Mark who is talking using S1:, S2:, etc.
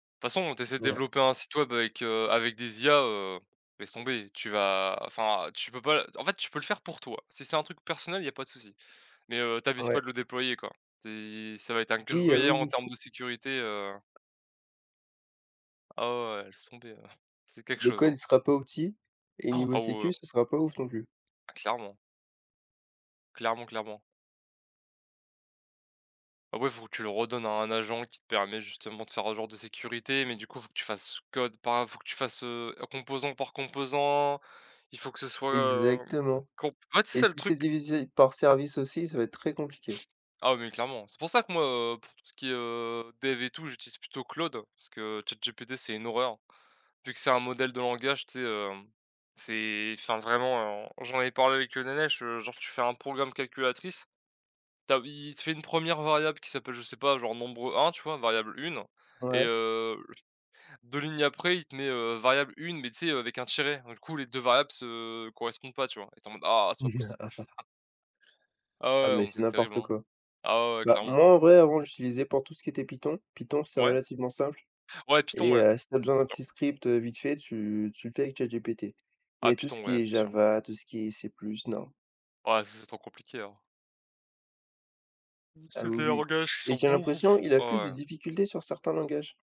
S1: De toute de façon, tu essaies de
S2: Ouais.
S1: développer un site web avec, heu, avec des IA, heu, laisse tomber. Tu vas enfin, tu peux pas, d en fait, tu peux le faire pour toi si c'est un truc personnel, il y a pas de souci. Mais, heu,
S2: Heu,
S1: t'avises pas
S2: ouais.
S1: de le déployer, quoi. C'est ça va être un
S2: Oui, heu,
S1: gruyère en
S2: oui.
S1: termes de sécurité, heu Ah ouais, ouais, laisse tomber, heu, c'est quelque
S2: Le
S1: chose,
S2: code,
S1: hein.
S2: il sera pas opti, et
S1: Han,
S2: niveau
S1: ah ouais.
S2: sécu, ça sera pas ouf non plus.
S1: Ah clairement. Clairement, clairement. Après, il faut que tu le redonnes à un agent qui te permet justement de faire un genre de sécurité, mais du coup faut que tu fasses code par faut que tu fasses, heu, composant par composant, il faut que ce soit, hem,
S2: Exactement.
S1: comp en fait, c'est
S2: Et
S1: ça le
S2: si c'est
S1: truc.
S2: divisé par service aussi, ça va être très compliqué.
S1: Ah, mais clairement, c'est pour ça que moi, heu, pour tout ce qui est, heu, dev et tout, j'utilise plutôt Claude parce que ChatGPT, c'est une horreur, vu que c'est un modèle de langage, tu sais, heu, c'est enfin, vraiment j'en ai parlé avec Nenesh, genre, tu fais un programme calculatrice, tu as il te fait une 1re variable qui s'appelle, je sais pas, genre, nombre 1, tu vois, variable 1 et
S2: Ouais.
S1: heu, 2 lignes après il te met, heu, variable 1, mais tu sais, heu, avec un tiret, donc du coup les 2 variables se correspondent pas, tu vois? Et tu es en mode «Ah, c'est pas possible!» Ah ouais,
S2: Ah,
S1: ouais, non,
S2: mais
S1: mais
S2: c'est
S1: c'est terrible,
S2: n'importe
S1: hein.
S2: quoi.
S1: Ah ouais, ouais,
S2: Bah
S1: clairement.
S2: moi, en vrai, avant j'utilisais pour tout ce qui était Python. Python, c'est
S1: Ouais.
S2: relativement simple
S1: Ouais, Python,
S2: et
S1: ouais!.
S2: heu, si tu as besoin d'un petit
S1: [unintelligible]
S2: script vite fait, tu tu le fais avec ChatGPT,
S1: Ah
S2: mais tout
S1: Python,
S2: ce
S1: ouais,
S2: qui
S1: bien
S2: est
S1: sur.
S2: Java, tout ce qui est C+, non.
S1: Ouais, ça c'est trop compliqué, hein.
S2: Ah
S1: C'est
S2: oui,
S1: des
S2: oui
S1: langages qui
S2: et
S1: sont
S2: j'ai
S1: beaucoup
S2: l'impression,
S1: f
S2: il a
S1: ah
S2: plus de
S1: ouais.
S2: difficultés sur certains langages.